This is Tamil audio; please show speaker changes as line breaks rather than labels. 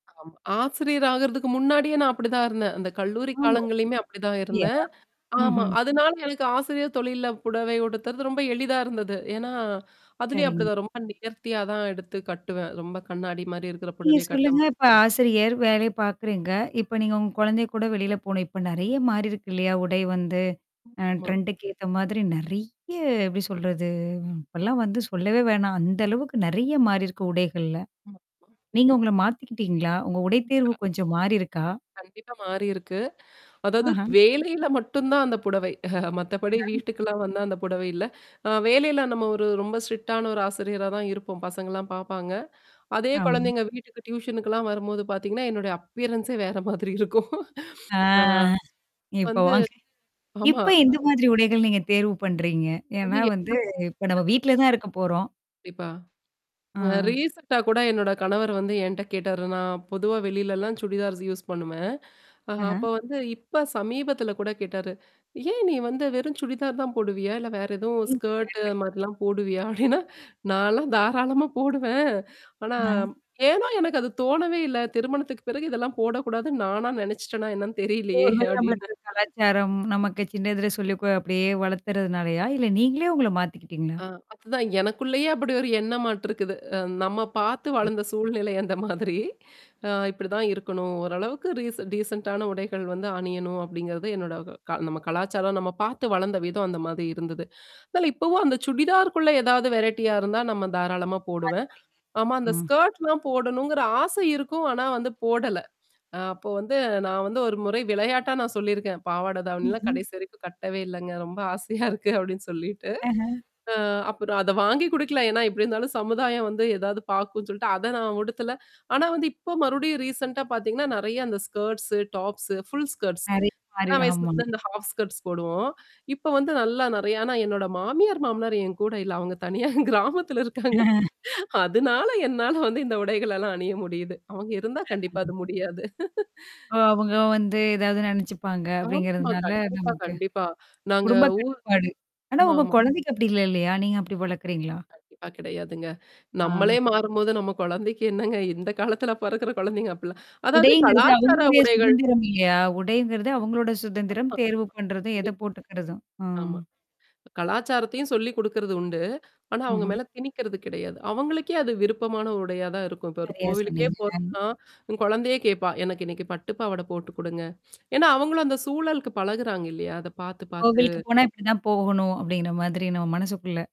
ஆமா. ஆசிரியர் ஆகுறதுக்கு முன்னாடியே நான் அப்படிதான் இருந்தேன். அந்த கல்லூரி
ஆமா.
காலங்கள்லயுமே அப்படிதான்
அப்புடியா?
இருந்தேன். ஆமா.
ம்ஹ்ம்.
அதனால எனக்கு ஆசிரியர் தொழில்ல புடவை உடுத்துறது ரொம்ப எளிதா இருந்தது. ஏன்னா, அதுலயும்
சரிங்க.
அப்படிதான் ரொம்ப நேர்த்தியா தான் எடுத்து கட்டுவேன். ரொம்ப கண்ணாடி மாரி இருக்கிற
நீங்க
புடவை
சொல்லுங்க.
கட்டம்
இப்ப ஆசிரியர், வேலை பார்க்குறீங்க. இப்ப நீங்க உங்க குழந்தை கூட வெளில போணும். இப்ப நிறைய மாறிருக்கு இல்லையா? உடை வந்து. அ
ஆமா.
ட்ரெண்டுக்கு ஏத்த மாதிரி நிறைய எப்படி சொல்றது? இப்பல்லாம் வந்து சொல்லவே வேணாம். அந்த அளவுக்கு நிறைய மாறியிருக்கு உடைகள்ல.
ஆமா.
நீங்க உங்கள மாத்திக்கிட்டீங்களா? உங்க உடை தேர்வு
[unintelligible]
கொஞ்சம் மாறிருக்கா?
கண்டிப்பா மாறியிருக்கு. அதாவது
ஆஹ.
வேலையில மட்டும் தான் அந்த புடவை. மத்தபடி
ஆஹ.
வீட்டுக்கல்லாம் வந்தா அந்த புடவை இல்ல. அ வேலையில நம்ம ஒரு ரொம்ப ஸ்ட்ரிக்ட்டான ஒரு ஆசிரியரா தான் இருப்போம். பசங்கள்லாம் பார்ப்பாங்க. அதே
ஆமா.
குழந்தைங்க வீட்டுக்கு டியூஷனுக்குல்லாம் வரும்போது பார்த்தீங்கன்னா, என்னுடைய அப்பியரன்ஸே வேற மாதிரி இருக்கும்.
ஆ.
அ.
இப்ப
வந்து
வாங்க.
ஆமா.
இப்ப எந்த
அ
மாதிரி உடைகள் நீங்க தேர்வு பண்றீங்க?
அது
ஏன்னா வந்து, இப்ப நம்ம
[unintelligible]
வீட்ல தான் இருக்க போறோம்.
கண்டிப்பா. அ
ஆ.
ரீசென்ட்டா கூட என்னோட கணவர் வந்து என்கிட்ட கேட்டாரு. நான் பொதுவா வெளிலலாம் சுடிதார்ஸ் யூஸ் பண்ணுவேன். அ
ஆஹ.
அப்ப வந்து இப்ப சமீபத்தில கூட கேட்டாரு. ஏன் நீ வந்து வெறும் சுடிதார் தான் போடுவியா? இல்ல வேற எதுவும்
ஜீன்ஸ்
ஸ்கர்ட்
பேண்ட்டு.
அது மாதிரிலாம் போடுவியா? அப்படின்னா, நான்லாம் தாராளமா போடுவேன். ஆனா,
ஆமா.
ஏனோ எனக்கு அது தோணவே இல்ல. திருமணத்துக்கு பிறகு இதெல்லாம் போடக்கூடாதுன்னு நானா நினச்சிட்டேனா என்னன்னு தெரியலையே!
ஒரு வேளை
அப்படின்னு.
நம்மளுக்கு கலாச்சாரம், நமக்கு சின்ன இதுல சொல்லி கொ அப்படியே வளர்த்துறதுனாலயா? இல்ல நீங்களே உங்கள மாத்திக்கிட்டீங்களா?
அ அதுதான் எனக்குள்ளேயே அப்படி ஒரு எண்ணமாட்டுருக்குது. அ நம்ம பார்த்து
ஆ.
வளர்ந்த சூழ்நிலை அந்த மாதிரி. அ இப்படிதான் இருக்கணும். ஓரளவுக்கு ரீசன் டீசென்ட்டான உடைகள் வந்து அணியணும் அப்படிங்கிறது என்னோட க நம்ம கலாச்சாரம், நம்ம பார்த்து வளர்ந்த விதம் அந்த மாதிரி இருந்தது. அதனால இப்பவும் அந்த சுடிதார்குள்ள ஏதாவது வெரைட்டியா இருந்தா நம்ம தாராளமா போடுவேன். ஆமா, அந்த
மாத்திட்டிங்க. ம்.
ஸ்கர்ட்லாம் போடணுங்கிற ஆசை இருக்கும். ஆனா வந்து போடல. அ அப்போ வந்து நான் வந்து ஒரு முறை விளையாட்டா நான் சொல்லியிருக்கேன். பாவாட தாவணிலாம்
ம்ஹ்ம்.
கடைசி வரைக்கும் கட்டவே இல்லங்க. ரொம்ப ஆசையா இருக்கு அப்படின்னு சொல்லிட்டு.
ஹாஹா.
அ அப்புறம் அத வாங்கி குடுக்கல. ஏன்னா, எப்படி இருந்தாலும் சமுதாயம் வந்து ஏதாவது பார்க்கும்னு சொல்லிட்டு அத நான் உடுத்தல. ஆனா வந்து இப்போ மறுபடியும் ரீசென்ட்டா பார்த்தீங்கன்னா, நெறைய அந்த ஸ்கர்ட்ஸ், டாப்ஸ, ஃபுல் ஸ்கர்ட்ஸ்.
அதே மாரி,
சின்ன
ஆமா.
வயசுலருந்து இந்த ஹாஃப் ஸ்க்ட்ஸ் போடுவோம். இப்ப வந்து நல்லா நிறைய. ஆனா என்னோட மாமியார், மாமினார் என் கூட இல்ல. அவங்க தனியா கிராமத்துல இருக்காங்க. அதனால என்னால வந்து இந்த உடைகள எல்லாம் அணிய முடியுது. அவங்க இருந்தா கண்டிப்பா அது
[unintelligible]
முடியாது.
ஓ, அவங்க வந்து ஏதாவது நினச்சுப்பாங்க
ஆமாமா,
அப்படிங்கிறதுனால
கண்டிப்பா,
நமக்கு.
கண்டிப்பா. நாங்க
குடும்ப
ஊர்
கட்டுப்பாடு. ஆனா உங்க
ஆமாமா.
குழந்தைக்கு அப்படி இல்ல இல்லையா? நீங்க அப்படி வளர்க்கறீங்களா?
கண்டிப்பா கிடையாதுங்க.
ஆ.
நம்மளே மாறும்போது, நம்ம குழந்தைக்கு என்னங்க? இந்த காலத்துல பிறக்கிற குழந்தைங்க அப்பிலாம். அதாவது
உடைங்கிறது
கலாச்சார
அவங்களுடைய
உடைகள்
சுதந்திரம் இல்லையா? உடைங்கிறது அவங்களோட
ஆமா.
சுதந்திரம்,
ஆமா.
தேர்வு பண்றதும், எத
கண்டிப்பா.
போட்டுக்கறதும். ம்.
ஆமா. கலாச்சாரத்தையும் சொல்லிக் குடுக்குறது உண்டு. ஆனா, அவங்க
ம்ஹ்ம்.
மேல திணிக்கிறது கிடையாது. அவங்களுக்கே அது விருப்பமான உடையா தான் இருக்கும். இப்ப ஒரு
சரியா
கோவிலுக்கே
சொன்னீங்க. அ.
போறோம்னா, குழந்தையே கேப்பா. எனக்கு இன்னைக்கு பட்டு பாவாட போட்டு குடுங்க. ஏன்னா, அவங்களும் அந்த சூழலுக்கு பழகுறாங்க இல்லையா? அத பார்த்து,
கோவிலுக்கு
பார்த்து.
போனா இப்படிதான் போகணும் அப்படிங்கிற மாதிரி நம்ம மனசுக்குள்ள.